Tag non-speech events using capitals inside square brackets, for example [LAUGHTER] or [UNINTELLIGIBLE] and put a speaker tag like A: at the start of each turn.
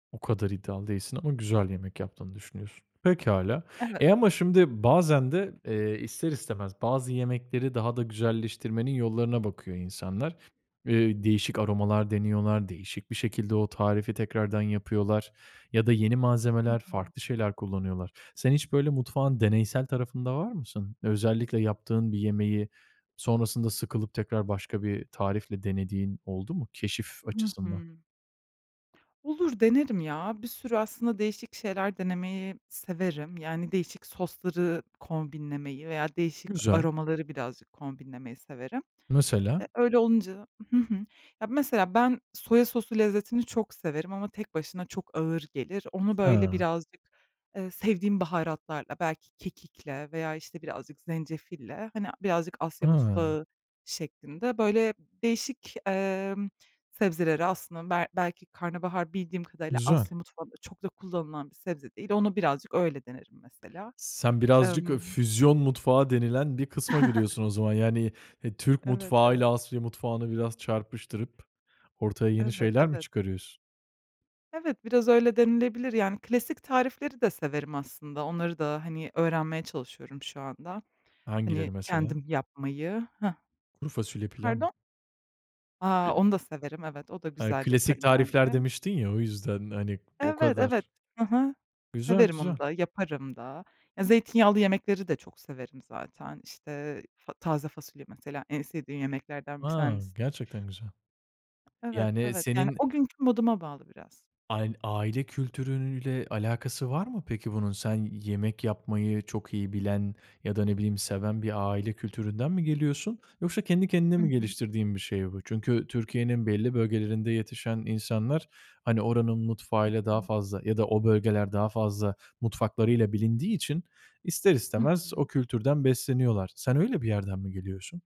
A: O kadar iddialı değilsin ama güzel yemek yaptığını düşünüyorsun. Pekâlâ.
B: Evet,
A: Eee, ama
B: evet.
A: şimdi bazen de, eee, ister istemez bazı yemekleri daha da güzelleştirmenin yollarına bakıyor insanlar. Eee, değişik
B: Evet.
A: aromalar deniyorlar, değişik bir şekilde o tarifi tekrardan yapıyorlar ya da yeni
B: Hı
A: malzemeler
B: hı.
A: farklı şeyler kullanıyorlar. Sen hiç böyle mutfağın deneysel tarafında var mısın? Özellikle yaptığın bir yemeği sonrasında sıkılıp tekrar başka bir tarifle denediğin oldu mu, keşif
B: Hı
A: açısından?
B: hı. Olur, denerim ya. Bir sürü aslında değişik şeyler denemeyi severim. Yani değişik sosları kombinlemeyi veya değişik
A: Güzel.
B: aromaları birazcık kombinlemeyi severim. Eee,
A: Mesela?
B: öyle olunca Hı hı. Ya, mesela ben soya sosu lezzetini çok severim ama tek başına çok ağır gelir. Onu böyle
A: Ha
B: birazcık, eee, sevdiğim baharatlarla, belki kekikle veya, işte, birazcık zencefille, hani, birazcık Asya
A: Hıı.
B: mutfağı şeklinde, böyle, değişik, emm, sebzeleri aslında bel belki karnabahar bildiğim kadarıyla
A: Güzel.
B: Asya mutfağında çok da kullanılan bir sebze değil. Onu birazcık öyle denerim mesela.
A: Sen birazcık o
B: Emm
A: füzyon mutfağı denilen bir kısma
B: [CHUCKLES]
A: giriyorsun o zaman. Yani, eee, Türk
B: Evet,
A: mutfağı
B: evet.
A: ile Asya mutfağını biraz çarpıştırıp ortaya yeni
B: Evet,
A: şeyler mi
B: evet.
A: çıkarıyorsun?
B: Evet, biraz öyle denilebilir. Yani klasik tarifleri de severim aslında. Onları da, hani, öğrenmeye çalışıyorum şu anda. Hani,
A: Hangileri mesela?
B: kendim yapmayı. Hıh.
A: Kuru fasulye pilav mı?
B: Pardon? A!
A: [UNINTELLIGIBLE]
B: Onu da severim. Evet, o da
A: He,
B: güzel
A: klasik
B: yaparım
A: tarifler
B: bence.
A: demiştin ya o yüzden. Hani, o
B: Evet,
A: kadar
B: evet. Hı hı.
A: Güzel,
B: Severim onu
A: güzel.
B: da yaparım da. Ya zeytinyağlı yemekleri de çok severim zaten. İşte, fa taze fasulye mesela en sevdiğim yemeklerden bir
A: A,
B: tanesi.
A: gerçekten güzel.
B: Evet,
A: Yani
B: evet. Yani
A: senin
B: o günkü moduma bağlı biraz.
A: Ayn aile kültürüyle alakası var mı peki bunun? Sen yemek yapmayı çok iyi bilen ya da ne bileyim seven bir aile kültüründen mi geliyorsun? Yoksa kendi kendine
B: Hı
A: mi
B: hı.
A: geliştirdiğin bir şey bu? Çünkü Türkiye'nin belli bölgelerinde yetişen insanlar, hani, oranın
B: Hı
A: mutfağıyla daha
B: hı.
A: fazla ya da o bölgeler daha fazla mutfaklarıyla bilindiği için ister
B: Hı
A: istemez
B: hı.
A: o kültürden besleniyorlar. Sen öyle bir yerden mi geliyorsun?